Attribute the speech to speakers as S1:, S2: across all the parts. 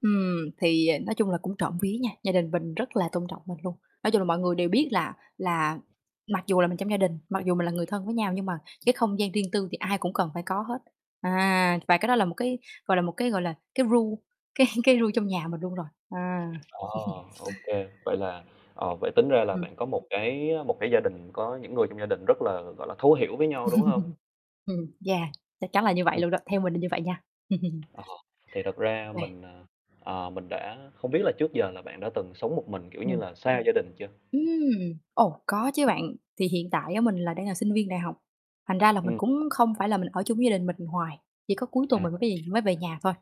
S1: Ừm, thì, à, nói chung là cũng trộm vía nha, gia đình mình rất là tôn trọng mình luôn. Nói chung là mọi người đều biết là là mặc dù là mình trong gia đình, mặc dù mình là người thân với nhau, nhưng mà cái không gian riêng tư thì ai cũng cần phải có hết. À, và cái đó là một cái, gọi là, một cái gọi là cái rule, cái cái rule trong nhà mình luôn rồi. À.
S2: À, ô kê. Vậy là ờ, vậy tính ra là
S1: Ừm.
S2: bạn có một cái, á, một cái gia đình, có những người trong gia đình rất là, gọi là, thấu hiểu với nhau, đúng hông?
S1: Ừm, yeah, chắc chắn là như vậy
S2: Ừm.
S1: luôn đó, theo mình là như vậy nha.
S2: Ờ. Thì thật
S1: Ô
S2: ra
S1: kê.
S2: mình, ờ, ờ, mình đã không biết là trước giờ là bạn đã từng sống một mình, kiểu như
S1: Ừm.
S2: là xa gia đình chưa?
S1: Ừm! Ồ, có chứ bạn. Thì hiện tại á, mình là đang là sinh viên đại học, thành ra là mình
S2: Ừm.
S1: cũng không phải là mình ở chung với gia đình mình hoài, chỉ có cuối tuần
S2: À.
S1: mình mới về mới về nhà thôi.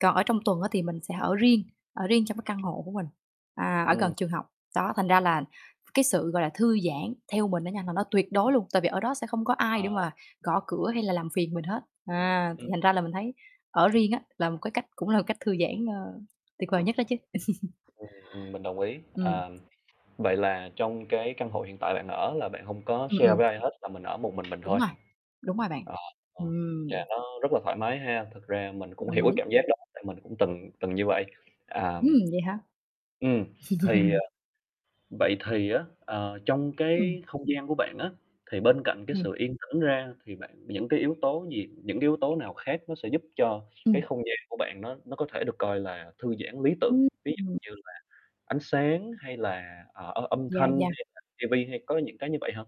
S1: Còn ở trong tuần á thì mình sẽ ở riêng, ở riêng trong cái căn hộ của mình, à, ở
S2: Ừm.
S1: gần trường học. Đó, thành ra là cái sự, gọi là, thư giãn theo mình á nha, là nó tuyệt đối luôn, tại vì ở đó sẽ không có ai để
S2: À.
S1: mà gõ cửa hay là làm phiền mình hết. À, thì
S2: Ừm.
S1: thành ra là mình thấy ở riêng á là một cái cách cũng là cách thư giãn, ơ, tuyệt vời nhất đó chứ.
S2: Ừm, ừm. Mình đồng ý.
S1: Ừm.
S2: À, vậy là trong cái căn hộ hiện tại bạn ở là bạn hông có
S1: Ừm,
S2: share với
S1: ừm.
S2: ai hết, là mình ở một mình mình
S1: Đúng
S2: thôi.
S1: rồi, đúng rồi bạn.
S2: Ờ, ờ, và
S1: Ừm.
S2: nó rất là thoải mái ha? Thực ra mình cũng
S1: Đồng
S2: hiểu cái
S1: ý.
S2: cảm giác đó, tại mình cũng từng từng như vậy. À, ừm
S1: Ừm, vậy hả?
S2: ừm, thì, ờ vậy thì á, ờ, trong
S1: Ừm.
S2: cái không gian của bạn á, thì bên cạnh cái
S1: Ừm.
S2: sự yên tĩnh ra thì bạn những cái yếu tố gì, những cái yếu tố nào khác nó sẽ giúp cho cái
S1: Ừm.
S2: không gian của bạn nó nó có thể được coi là thư giãn lý tưởng?
S1: Ừm,
S2: Ví
S1: ừm.
S2: dụ như là ánh sáng, hay là, ờ, â âm
S1: Yeah,
S2: thanh,
S1: yeah.
S2: hay là ti vi, hay có những cái như vậy hông?